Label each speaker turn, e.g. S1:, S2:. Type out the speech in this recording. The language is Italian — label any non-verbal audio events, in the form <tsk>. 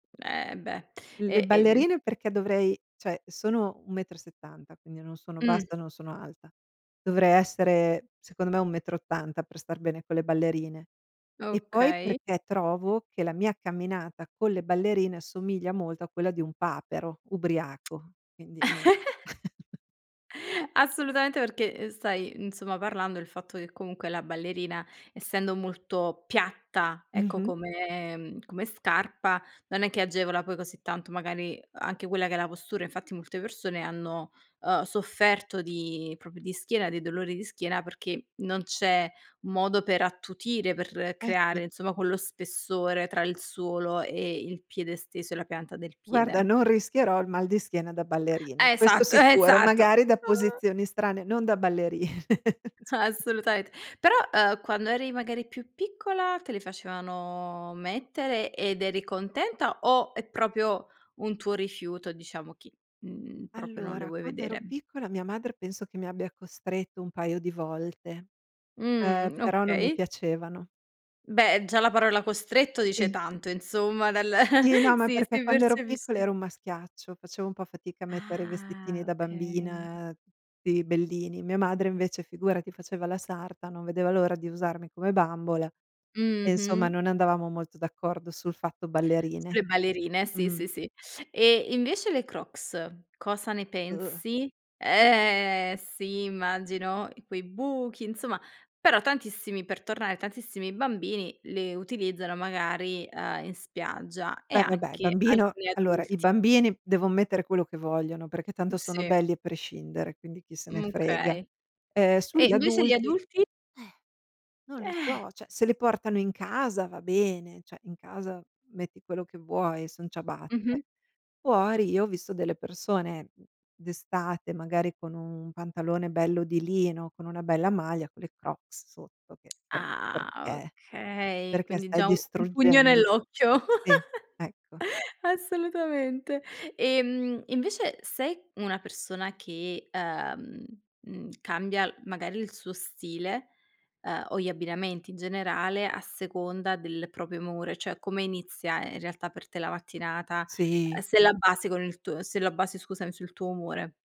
S1: Eh, beh.
S2: Le
S1: E e de
S2: ballerine, perché dovrei cioè, sono 1 metro e 70, quindi non sono
S1: Mh.
S2: bassa, e non sono alta. Dovrei essere, secondo me, 1 metro e 80 per star bene con le ballerine. E, poi
S1: Okay.
S2: perché trovo che la mia camminata con le ballerine assomiglia molto a quella di un papero ubriaco,
S1: <tsk>
S2: quindi non
S1: <chuckles>
S2: <chuckles>
S1: Assolutamente, perché, uhm, stai, insomma, parlando del fatto che comunque la ballerina, essendo molto piatta, ecco,
S2: Mh-mh.
S1: come come scarpa non è che agevola poi così tanto, magari, anche quella che è la postura. Infatti molte persone hanno, uhm, sofferto di proprio di schiena, di dolori di schiena, perché non c'è modo per attutire, per
S2: Eh, sì.
S1: creare, insomma, quello spessore tra il suolo e il piede stesso, e la pianta del
S2: Guarda,
S1: piede.
S2: non rischierò il mal di schiena da ballerine. Questo
S1: Esatto,
S2: sicuro,
S1: esatto,
S2: magari da
S1: uh.
S2: posizioni strane, non da balleri <chuckles> c
S1: Assolutament Però, uhm, quando eri, magari, più piccola te le facevano mettere ed eri contenta, o è proprio un tuo rifiuto, diciamo, che, mhmm, proprio non le
S2: Allora,
S1: vuoi
S2: quando ero
S1: vedere?
S2: piccola mia madre, penso, che mi abbia costretto un paio di volte. Ehm,
S1: Mh.
S2: però non mi
S1: Okay.
S2: piacevano.
S1: Beh, già la parola costretto dice
S2: Sì.
S1: tanto insomma, dal
S2: Sì, no,
S1: <chuckles>
S2: ma
S1: Sì,
S2: perché
S1: si
S2: quando ero piccola ero
S1: percepisce.
S2: un maschiaccio, facevo un po' fatica a mettere i vestitini
S1: Ah,
S2: da
S1: okay.
S2: bambina, tutti bellini. Mia madre, invece, figurati, faceva la sarta, non vedeva l'ora di usarmi come bambola, e insomma
S1: Mh-mh.
S2: non andavamo molto d'accordo sul fatto ballerine.
S1: Sulle ballerine, sì,
S2: Mh.
S1: sì, sì. E invece le Crocs cosa ne pensi? Eh, sì, immagino quei buchi, insomma però tantissimi per tornare tantissimi bambini le utilizzano magari, uhm, in spiaggia, e
S2: Poi, vabbè,
S1: anche
S2: bambino
S1: alcuni
S2: allora i
S1: adulti.
S2: bambini devon mettere quello che vogliono perché
S1: Mh.
S2: tanto sono
S1: Sì.
S2: belli a prescindere, quindi chi se ne
S1: Mh.
S2: frega.
S1: Okay.
S2: Uhm,
S1: E
S2: sugli
S1: invece gli
S2: adulti eh,
S1: adulti?
S2: non lo
S1: Eh.
S2: so, cioè, se li portano in casa va bene, cioè, in casa metti quello che vuoi, son ciabatte.
S1: Mh-mh.
S2: Fuori io ho visto delle persone d'estate, magari, con un pantalone bello di lino, con una bella maglia, con le Crocs sotto, che per
S1: Ah,
S2: perché?
S1: okay,
S2: Perché
S1: quindi
S2: stai
S1: già un un pugno
S2: distruggendo
S1: nell'occhio.
S2: Sì, ecco.
S1: <giggles> Assolutamente. Ehm, invece, sei una persona che, uhm, mhmm, cambia, magari, il suo stile, uhm, o gli abbinamenti in generale a seconda del proprio umore? Cioè, come inizia in realtà per te la mattinata? Uhm,
S2: Sì.
S1: se la base con il tuo se la basi, scusami, sul tuo umore?